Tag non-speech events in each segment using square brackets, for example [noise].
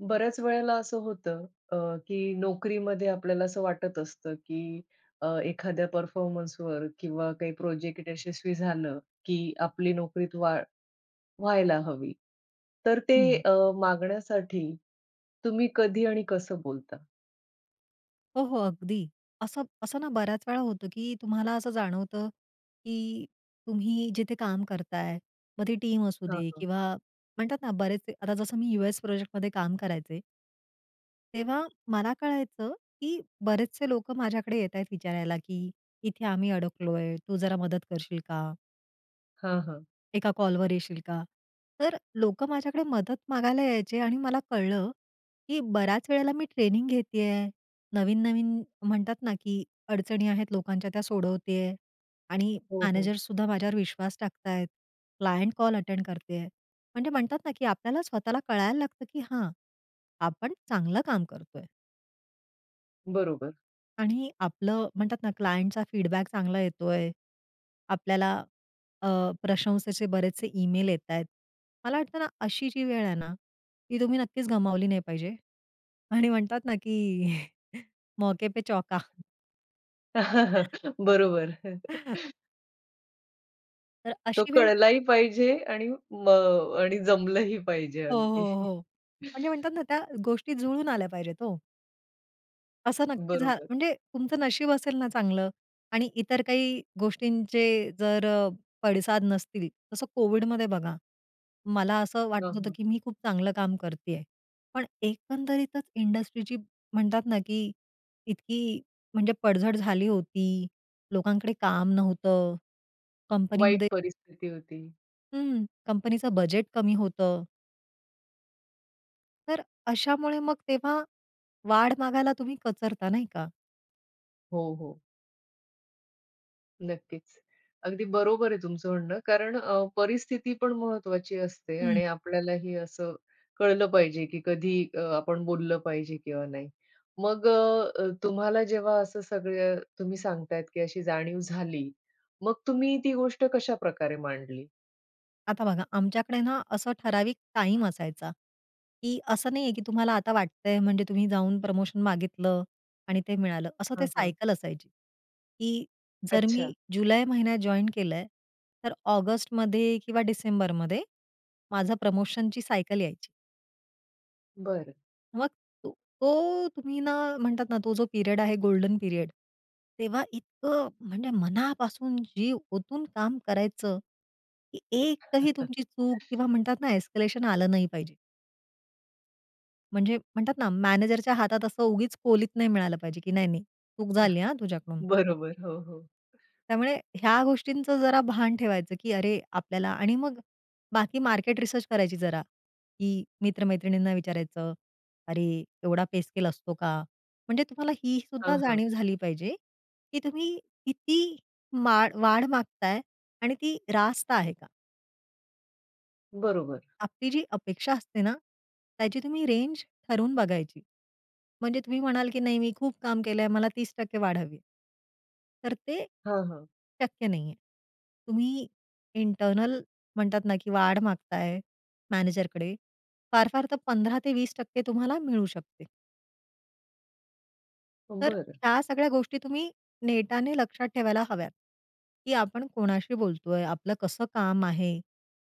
बऱ्याच वेळेला असं होतं, अ, की नोकरीमध्ये आपल्याला असं वाटत असतं, की अ, एखाद्या परफॉर्मन्सवर किंवा काही प्रोजेक्ट यशस्वी झालं, की आपली नोकरीत वाढ व्हायला हवी. तर ते हं. अ, मागण्यासाठी तुम्ही कधी आणि कसं बोलता? हो, हो अगदी. असं असं ना, बऱ्याच वेळा होतं, की तुम्हाला असं जाणवतं, की तुम्ही जिथे काम करताय. मग ती टीम असू हां, दे हां. किंवा म्हणतात ना, बरेच आता जसं मी यूएस प्रोजेक्टमध्ये काम करायचे. तेव्हा मला कळायचं, की बरेचसे लोकं माझ्याकडे येतायत विचारायला, की इथे आम्ही अडकलोय. तू जरा मदत करशील का? हां, हां. एका कॉलवर येशील का? तर लोकं माझ्याकडे मदत मागायला यायचे आणि मला कळलं, की बऱ्याच वेळेला मी ट्रेनिंग घेते आहे, नवीन-नवीन म्हणतात ना, की अडचणी आहेत लोकांच्या त्या सोडवते आहे आणि हो, हो. मॅनेजर सुद्धा माझ्यावर विश्वास टाकत आहेत. क्लायंट कॉल अटेंड करत आहे. म्हणजे म्हणतात ना, की आपल्याला स्वतःला कळायला लागतं की हां, आपण चांगलं काम करतोय. बरोबर. आणि आपलं म्हणतात ना, क्लायंटचा फीडबॅक चांगला येतोय. आपल्याला, अ, प्रशंसेचे बरेचसे ईमेल येतायत. मला वाटतं ना, अशी जी वेळ आहे ना, ती तुम्ही नक्कीच गमावली नाही पाहिजे आणि म्हणतात ना की [chuckles] मौके पे चौका. [chuckles] बरोबर. [chuckles] [chuckles] तर तो अशी वेळ कळलाही पाहिजे आणि म आणि जमलंही पाहिजे हो, हो, अगदी. हो. म्हणजे [chuckles] म्हणतात ना, त्या गोष्टी जुळून आल्या पाहिजेत हो. असं नक्की झालं बरोबर. म्हणजे तुमचं नशीब असेल ना, चांगलं आणि इतर काही गोष्टींचे जर अ, पडसाद नसतील, तसं कोविडमध्ये बघा, मला असं हां, वाटत होतं हां. की मी खूप चांगलं काम करते आहे. पण एकंदरीतच इंडस्ट्रीची म्हणतात ना, की इतकी म्हणजे पडझड झाली होती. लोकांकडे काम नव्हतं. वाईट कंपनीमध्ये परिस्थिती होती. हं, कंपनीचं बजेट कमी होतं. तर, अशामुळे मग तेव्हा वाढ मागायला तुम्ही कचरता, नाही का? हो, हो. नक्कीच, अगदी बरोबर आहे तुमचं म्हणणं कारण अ, परिस्थिती पण महत्त्वाची असते हं. आणि आपल्यालाही असं कळलं पाहिजे, की कधी अ, आपण बोललं पाहिजे किंवा नाही. मग अ, तुम्हाला जेव्हा असं सगळं तुम्ही सांगतायत की अशी जाणीव झाली. मग तुम्ही ती गोष्ट कशा प्रकारे मांडली? आता बघा, आमच्याकडे ना असं ठराविक टाईम असायचा. की असं नाही आहे, की तुम्हाला आता वाटतंय म्हणजे तुम्ही जाऊन प्रमोशन मागितलं आणि ते मिळालं. असं ते हां, हां. सायकल असायची, की जर मी अच्छा. जुलै महिन्यात जॉइन केलंय, तर ऑगस्टमध्ये किंवा डिसेंबरमध्ये माझं प्रमोशनची सायकल यायची. बरं. मग तो तो तुम्ही ना म्हणतात ना, तो जो पिरियड आहे, गोल्डन पिरियड. तेव्हा इतकं म्हणजे मनापासून जीव ओतून काम करायचं, की एकही तुमची चूक किंवा [chuckles] म्हणतात ना एस्केलेशन आलं नाही पाहिजे. म्हणजे म्हणतात ना मॅनेजरच्या हातात असं उगीच कोलीत नाही मिळालं पाहिजे, की नाही नाही चूक झाली हां [chuckles] तुझ्याकडून. बरोबर. हो, हो. त्यामुळे ह्या गोष्टींचं जरा भान ठेवायचं की अरे, आपल्याला आणि मग बाकी मार्केट रिसर्च करायची जरा, की मित्रमैत्रिणींना विचारायचं, "अरे एवढा पे स्केल असतो का?" म्हणजे तुम्हाला ही हां, सुद्धा हां. जाणीव झाली पाहिजे, की तुम्ही किती मा वाढ मागताय आणि ती रास्त आहे का? बरोबर. आपली जी अपेक्षा असते ना, त्याची तुम्ही रेंज ठरवून बघायची. म्हणजे तुम्ही म्हणाल, की नाही मी खूप काम केलंय मला 30% वाढावी. तर ते हां, हां. शक्य नाही आहे. तुम्ही इंटरनल म्हणतात ना, की वाढ मागत आहे, मॅनेजरकडे. फार-फार तर 15 ते 20% तुम्हाला मिळू शकते. तर बरं. ह्या सगळ्या गोष्टी तुम्ही नेटाने लक्षात ठेवायला हव्यात. की आपण कोणाशी बोलतोय, आपलं कसं काम आहे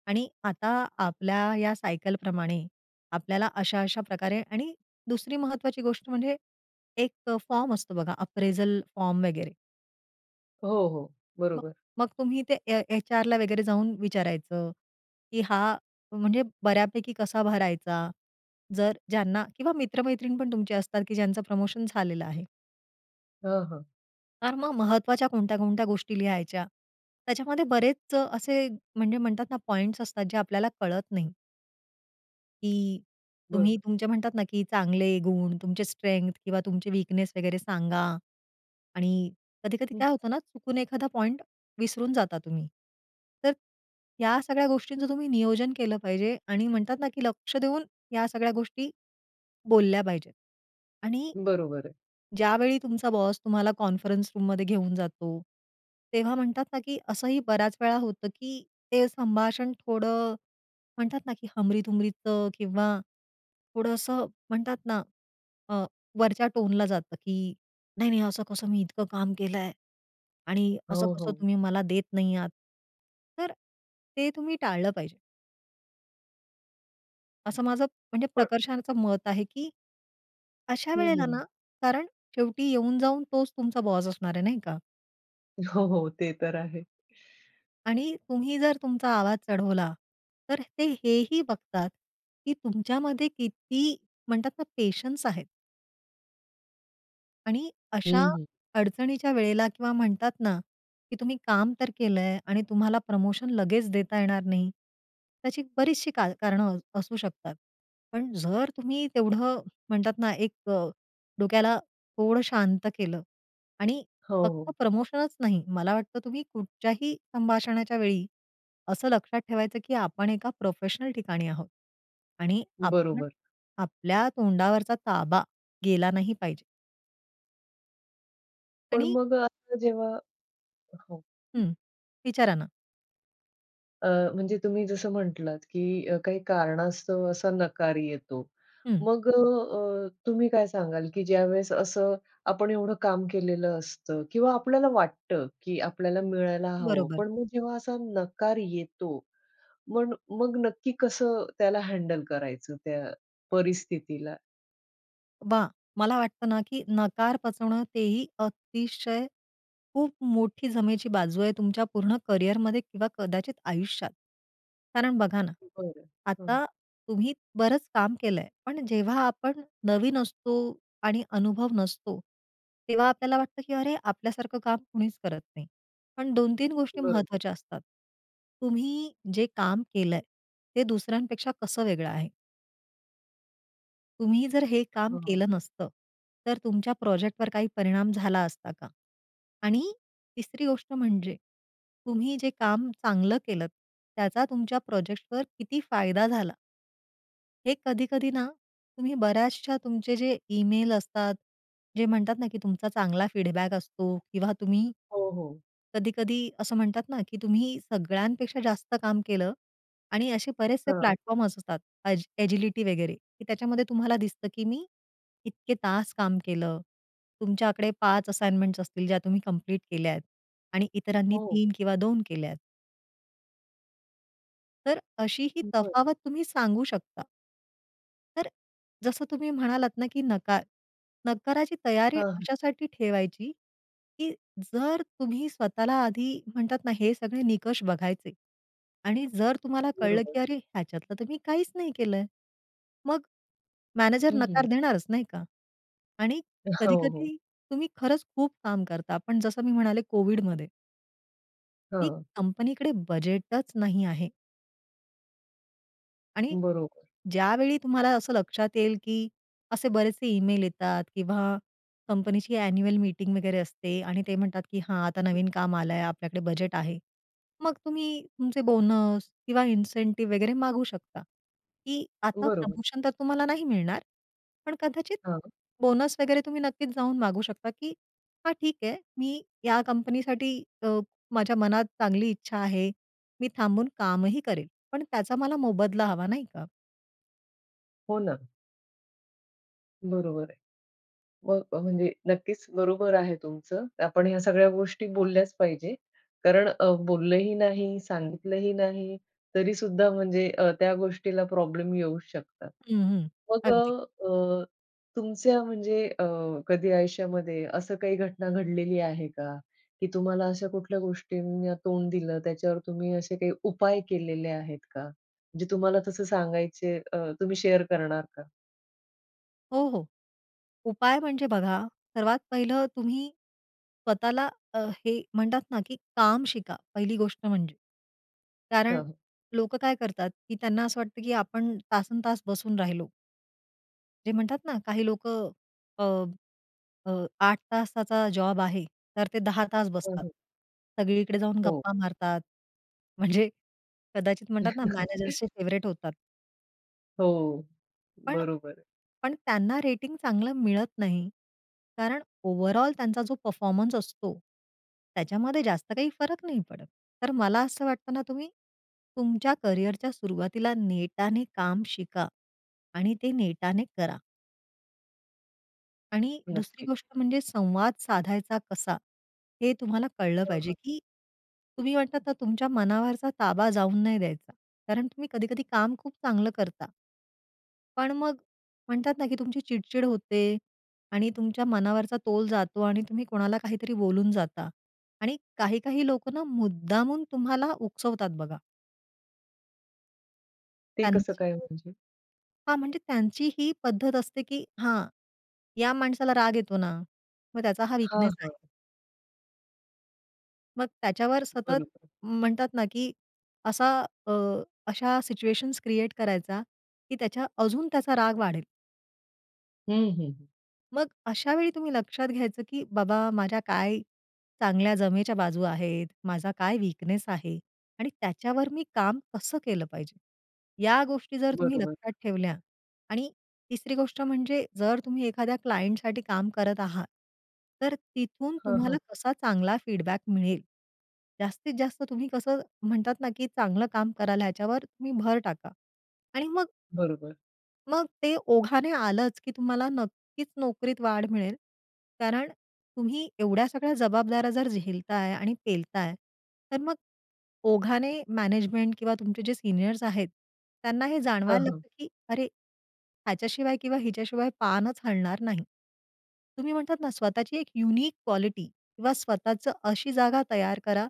आणि आता आपल्या या सायकल प्रमाणे आपल्याला अशा, अशा प्रकारे आणि दुसरी महत्वाची गोष्ट म्हणजे, एक फॉर्म असतो बघा अप्रेजल फॉर्म वगैरे. हो, हो. मग बरोबर. मग तुम्ही ते ए एचआरला वगैरे जाऊन विचारायचं, की हा म्हणजे बऱ्यापैकी कसा भरायचा. जर ज्यांना किंवा मित्र-मैत्रीण पण तुमची असतात की ज्यांचं प्रमोशन झालेलं आहे. हं, हं. कारण मग महत्वाच्या कोणत्या कोणत्या गोष्टी लिहायच्या. त्याच्यामध्ये बरेच असे, म्हणजे म्हणतात ना, पॉइंट्स असतात जे आपल्याला कळत नाही. की तुम्ही बरं. तुमचे म्हणतात ना की चांगले गुण तुमचे स्ट्रेंग्थ किंवा तुमचे वीकनेस वगैरे सांगा आणि कधी-कधी हं. काय होतं ना चुकून एखादा पॉइंट विसरून जाता तुम्ही. तर ह्या सगळ्या गोष्टींचं तुम्ही नियोजन केलं पाहिजे आणि म्हणतात ना, की लक्ष देऊन या सगळ्या गोष्टी बोलल्या पाहिजेत आणि बरोबर आहे. ज्यावेळी तुमचा बॉस तुम्हाला कॉन्फरन्स रूम मध्ये घेऊन जातो, तेव्हा म्हणतात ना, की असंही बऱ्याच वेळा होतं की ते संभाषण थोडं म्हणतात ना, की हमरी-तुमरीचं किंवा थोडं असं म्हणतात ना, अ, वरच्या टोनला जातं की नाही, नाही असं कसं मी इतकं काम केलं आहे आणि असं हो, कसं हो. तुम्ही मला देत नाही आहात. तर ते तुम्ही टाळलं पाहिजे. असं माझं म्हणजे पण प्रकर्षाचं मत आहे की अशा हं, वेळेला ना, हं. कारण शेवटी येऊन जाऊन तोच तुमचा बॉस असणार आहे नाही का? हो, हो. ते तर आहे. [shushes] आणि तुम्ही जर तुमचा आवाज चढवला तर ते हेही बघतात की तुमच्यामध्ये किती म्हणतात ना पेशन्स आहेत? आणि अशा हं, हं. अडचणीच्या वेळेला किंवा म्हणतात ना, की तुम्ही काम तर केल आहे आणि तुम्हाला प्रमोशन लगेच देता येणार नाही त्याची बरीचशी कार कारणं असू शकतात. पण जर तुम्ही तेवढं म्हणतात ना, एक डोक्याला थोडं शांत केलं आणि हो, फक्त हो. प्रमोशनच नाही, मला वाटतं तुम्ही कुठच्याही संभाषणाच्या वेळी असं लक्षात ठेवायचं, की आपण एका प्रोफेशनल ठिकाणी आहोत आणि आपण बरोबर. आपल्या तोंडावरचा ताबा गेला नाही पाहिजे. पण आणि मग आता जेव्हा हो. हं, विचारा ना. अ, म्हणजे तुम्ही जसं म्हटलात, की काही कारणास्तव असा नकार येतो. हं. मग अ, तुम्ही काय सांगाल की ज्यावेळेस असं आपण एवढं काम केलेलं असतं किंवा आपल्याला वाटतं, की आपल्याला मिळायला हवं बरोबर. पण मग जेव्हा असा नकार येतो मन मग नक्की कसं त्याला हँडल करायचं त्या परिस्थितीला? बा मला वाटतं ना, की नकार पचवणं तेही अतिशय खूप मोठी जमेची बाजू आहे तुमच्या पूर्ण करियरमध्ये किंवा कदाचित आयुष्यात. कारण बघा ना, बरं, हां. आता तुम्ही बरंच काम केलंय, पण जेव्हा आपण नवीन असतो आणि अनुभव नसतो तेव्हा आपल्याला वाटतं, की अरे आपल्या सारखं काम कोणीच करत नाही. पण 2-3 गोष्टी बरोबर. महत्त्वाच्या असतात. तुम्ही जे काम केलंय, ते दुसऱ्यांपेक्षा कसं वेगळं आहे? तुम्ही जर हे काम हां. केलं नसतं. तर तुमच्या प्रोजेक्टवर काही परिणाम झाला असता का? आणि 3री गोष्ट म्हणजे तुम्ही जे काम चांगलं केलंत. त्याचा तुमच्या प्रोजेक्टवर किती फायदा झाला? हे कधी-कधी ना तुम्ही बऱ्याचशा तुमचे जे ईमेल असतात, जे म्हणतात ना, की तुमचा चांगला फीडबॅक असतो किंवा तुम्ही हो, हो. कधी-कधी असं म्हणतात ना, की तुम्ही सगळ्यांपेक्षा जास्त काम केलं आणि असे बरेचसे हां. प्लॅटफॉर्म्स असतात. अज "एजिलिटी" वगैरे. त्याच्यामध्ये तुम्हाला दिसतं, की मी इतके तास काम केलं. तुमच्याकडे 5 असाइनमेंट्स असतील ज्या तुम्ही कंप्लीट केल्याय आणि इतरांनी हो. 3 किंवा 2 केल्यात. तर अशी ही बरं. तफावत तुम्ही सांगू शकता. तर जसं तुम्ही म्हणालात ना, की नका नकाराची तयारी हां. अशासाठी ठेवायची, की जर तुम्ही स्वतःला आधी म्हणतात ना, हे सगळे निकष बघायचे आणि जर तुम्हाला कळलं, बरोबर. की "अरे ह्याच्यातलं तर मी काहीच नाही केलंय." मग मॅनेजर हं, नकार हं. देणारच. नाही का? आणि अ, कधी हो, हो. कधी तुम्ही खरंच खूप काम करता. पण जसं मी म्हणाले कोविडमध्ये की हां. कंपनीकडे बजेटचं नाही आहे. आणि बरोबर. ज्यावेळी तुम्हाला असं लक्षात येईल, की असे बरेचसे ईमेल येतात किंवा कंपनीची ॲन्युअल मीटिंग वगैरे असते आणि ते म्हणतात, की "हां, आता नवीन काम आलंय, आपल्याकडे बजेट आहे." मग तुम्ही तुमचे बोनस किंवा इन्सेंटिव्ह वगैरे मागू शकता. की आता बरोबर. प्रमोशन तर तुम्हाला नाही मिळणार. पण कदाचित हां. बोनस वगैरे तुम्ही नक्कीच जाऊन मागू शकता, की हां ठीक आहे. मी या कंपनीसाठी अ, माझ्या मनात चांगली इच्छा आहे. मी थांबून कामही करेल. पण त्याचा मला मोबदला हवा, नाही का. हो ना. बरोबर आहे. मग अ, म्हणजे नक्कीच बरोबर आहे तुमचं. आपण ह्या सगळ्या गोष्टी बोलल्याच पाहिजे. कारण अ, बोललंही नाही, सांगितलं ही नाही. तरीसुद्धा म्हणजे अ, त्या गोष्टीला प्रॉब्लेम येऊ शकतात. हं, हं, मग अगदी. अ, तुमच्या म्हणजे अ, कधी आयुष्यामध्ये असं काही घटना घडलेली आहे का? की तुम्हाला अशा कुठल्या गोष्टींना तोंड दिलं? त्याच्यावर तुम्ही असे काही उपाय केलेले आहेत का? जे तुम्हाला तसं सांगायचे अ, तुम्ही शेअर करणार का? हो, हो. उपाय म्हणजे बघा, सर्वात पहिलं तुम्ही स्वतःला अ, हे म्हणतात ना, की काम शिका, पहिली गोष्ट म्हणजे. कारण हं. लोकं काय करतात, की त्यांना असं वाटतं की आपण तासनतास बसून राहिलो. जे म्हणतात ना, काही लोकं अ, अ, 8 तासाचा जॉब आहे तर ते 10 तास हो, बसतात. हो. सगळीकडे जाऊन हो. गप्पा मारतात. म्हणजे कदाचित म्हणतात ना, मॅनेजर्सचे [chuckles] फेव्हरेट होतात. हो, पण बरोबर आहे. पण त्यांना रेटिंग चांगलं मिळत नाही. कारण ओव्हरऑल त्यांचा जो परफॉर्मन्स असतो त्याच्यामध्ये जास्त काही फरक नाही पडत. तर मला असं वाटत ना, तुम्ही तुमच्या कॅरियर च्या सुरुवातीला नेटाने काम शिका. आणि ते नेटाने करा. आणि दुसरी नक्कीच. गोष्ट म्हणजे संवाद साधायचा कसा? हे तुम्हाला कळलं हं, पाहिजे, हं. की तुम्ही म्हणतात ना, तुमच्या मनावरचा ताबा जाऊ नाही द्यायचा. कारण तुम्ही कधी-कधी काम खूप चांगलं करता. पण मग म्हणतात ना, की तुमची चिड-चिड होते आणि तुमच्या मनावरचा तोल जातो आणि तुम्ही कोणाला काहीतरी बोलून जाता आणि काही-काही लोकं ना मुद्दामून तुम्हाला उकसवतात बघा. ते कसं त्यांची काय म्हणजे? हां. म्हणजे त्यांची ही पद्धत असते की हां, या माणसाला राग येतो ना मग त्याचा हा हां, वीकनेस आहे. हां. मग त्याच्यावर सतत बरोबर. म्हणतात ना, की असा अ, अशा सिच्युएशन्स क्रिएट करायचा की त्याच्या अजून त्याचा राग वाढेल. हं, हं. मग अशावेळी तुम्ही लक्षात घ्यायचं, की बाबा माझ्या काय चांगल्या जमेच्या बाजू आहेत, माझा काय वीकनेस आहे? आणि त्याच्यावर मी काम कसं केलं पाहिजे? या गोष्टी जर तुम्ही बरोबर. लक्षात ठेवल्या आणि तिसरी गोष्ट म्हणजे जर तुम्ही एखाद्या क्लायंटसाठी काम करत आहात तर तिथून हां, तुम्हाला हां. कसा चांगला फीडबॅक मिळेल जास्तीत जास्त तुम्ही कसं म्हणतात ना, की चांगलं काम कराल ह्याच्यावर तुम्ही भर टाका. आणि मग बरोबर. मग ते ओघाने आलंच, की तुम्हाला नक्कीच नोकरीत वाढ मिळेल. कारण तुम्ही एवढ्या सगळ्या जबाबदाऱ्या जर झेलताय आणि पेलताय तर मग ओघाने मॅनेजमेंट किंवा तुमचे जे सीनियर्स आहेत त्यांना हे हं, जाणवायला हं. लागतं, की अरे ह्याच्याशिवाय किंवा हिच्याशिवाय पानच हलणार नाही. तुम्ही म्हणतात ना, स्वतःची एक युनिक क्वालिटी किंवा स्वतःच अशी जागा तयार करा,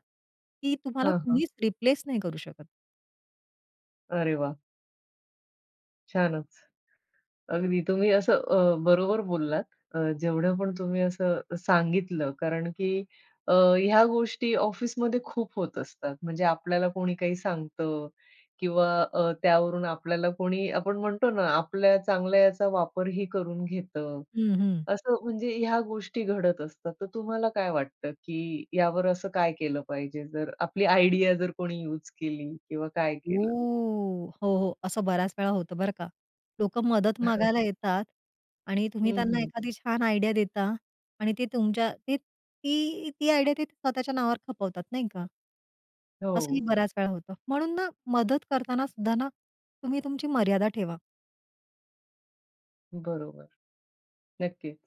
की तुम्हाला हां, हां. कुणीच रिप्लेस नाही करू शकत. अरे वाह! छानच. अगदी तुम्ही असं अ, बरोबर बोललात. अ, जेवढं पण तुम्ही असं अ, सांगितलं, कारण की अ, ह्या गोष्टी ऑफिसमध्ये खूप होत असतात. म्हणजे आपल्याला कोणी काही सांगतं किंवा अ, त्यावरून आपल्याला कोणी, आपण म्हणतो ना, आपल्या चांगल्याचा वापरही करून घेतं. हं, हं. असं म्हणजे ह्या गोष्टी घडत असतात. तर तुम्हाला काय वाटतं की यावर असं काय केलं पाहिजे? जर आपली आयडिया जर कोणी युज केली किंवा काय ओ, केलं? हो, हो. असं बऱ्याच वेळा होतं बरं का. लोकं मदत [chuckles] मागायला येतात आणि तुम्ही हं, त्यांना हं. एखादी छान आयडिया देता आणि ते तुमच्या ती ती ती आयडिया, ते स्वतःच्या नावावर खपवतात. नाही का? असंही हो. बऱ्याच वेळा होतं. म्हणून ना मदत करताना सुद्धा ना, तुम्ही तुमची मर्यादा ठेवा. बरोबर. नक्कीच,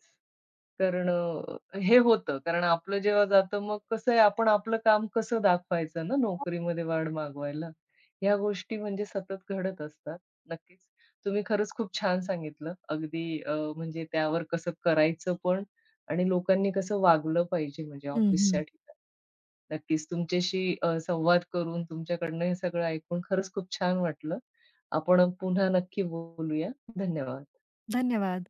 कारण अ, हे होतं. कारण आपलं जेव्हा जातं, मग कसं आहे, आपण आपलं काम कसं दाखवायचं ना, नोकरीमध्ये वाढ मागवायला. ह्या गोष्टी म्हणजे सतत घडत असतात. नक्कीच, तुम्ही खरंच खूप छान सांगितलं. अगदी अ, म्हणजे त्यावर कसं करायचं पण आणि लोकांनी कसं वागलं पाहिजे? म्हणजे हं, ऑफिसच्या हं. ठिकाणी. नक्कीच, तुमच्याशी अ, संवाद करून तुमच्याकडनं हे सगळं ऐकून, खरंच खूप छान वाटलं. आपण पुन्हा नक्की बोलूया. धन्यवाद. धन्यवाद.